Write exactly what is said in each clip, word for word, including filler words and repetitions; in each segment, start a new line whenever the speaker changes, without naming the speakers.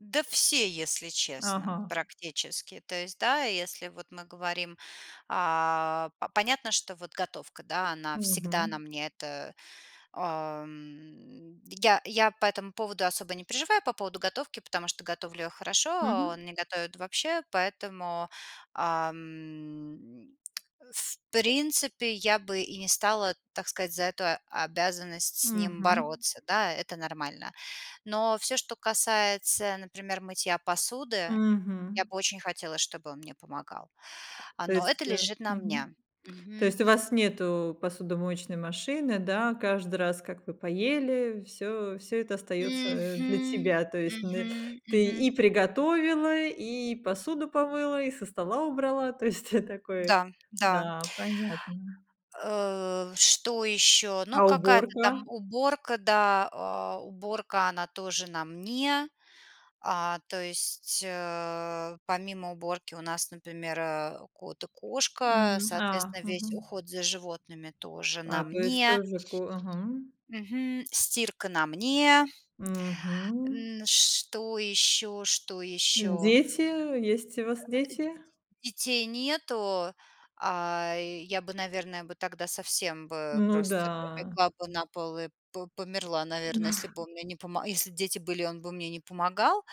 Да все, если честно.
Ага.
Практически. То есть, да, если вот мы говорим, а, п понятно, что вот готовка, да, она всегда на
Мгм.
мне. Это, а, м, я я по этому поводу особо не переживаю, по поводу готовки, потому что готовлю я хорошо, а
Мгм.
он не готовит вообще, поэтому, а, м, в принципе я бы и не стала, так сказать, за эту обязанность с ним
Мгм.
бороться. Да, это нормально. Но всё, что касается,у например, мытья посуды, я
Мгм.
бы очень хотела, чтобы он мне помогал. А,
То
но это
есть, э,
лежит на
мгм.
мне.
То
Мгм.
есть у вас нету посудомоечной машины, да? Каждый раз, как вы поели, всё всё это остаётся, э, для
Мгм.
тебя. То есть н
Мгм,
ты
мгм.
и приготовила, и посуду помыла, и со стола убрала. То есть ты такое,
Да-да.
да, понятно.
Э, что ещё?
А
Ну, какая-то
уборка?
там уборка, да. А, уборка, она тоже на мне. А, то есть, э, помимо уборки у нас, например, э, кот и
М,
кошка.
а,
Соответственно, весь
мгм.
уход за животными тоже
А,
на
то есть
мне.
тоже ко мгм.
Мгм. Стирка на мне.
Мгм.
Н что ещё? Что ещё?
Дети, есть у
А
вас дети?
а, и Детей нету. А, я бы, наверное, бы тогда совсем бы
Ну
просто бы
да.
легла бы на пол и по померла, наверно, если бы он мне не помо если б дети были и он бы мне не помогал.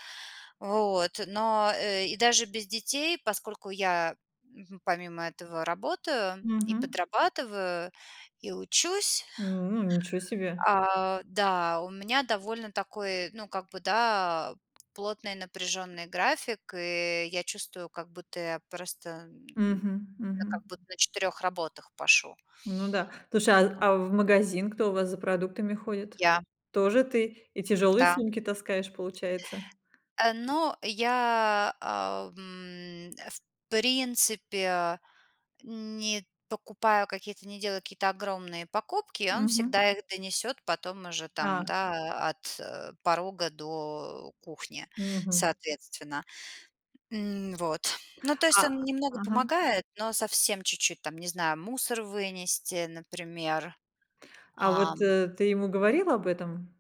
Вот, но, э, и даже без детей, поскольку я, мгм, помимо этого работаю и
Мгм.
подрабатываю, и учусь
М, ничего себе.
а, да, у меня довольно такой, ну, как бы, да, плотный, напряжённый график, и я чувствую, как будто я просто, м, м,
Мгм,
я
мгм.
как будто на четырёх работах пашу.
Ну да, слушай, а
Да.
а в магазин кто у вас за продуктами ходит?
Я.
Тоже ты? И тяжёлые
Да.
сумки таскаешь, получается?
Э, ну я, а, м, в принципе, не покупаю какие-то не делаю какие-то огромные покупки, а он
Мгм.
всегда их донесёт потом уже там,
А.
да, от порога до кухни,
Мгм.
соответственно. М, вот. Ну, то
А
есть он немного
мгм.
помогает, но совсем чуть-чуть там, не знаю, мусор вынести, например.
А вот,
Ам.
э, ты ему говорила об этом?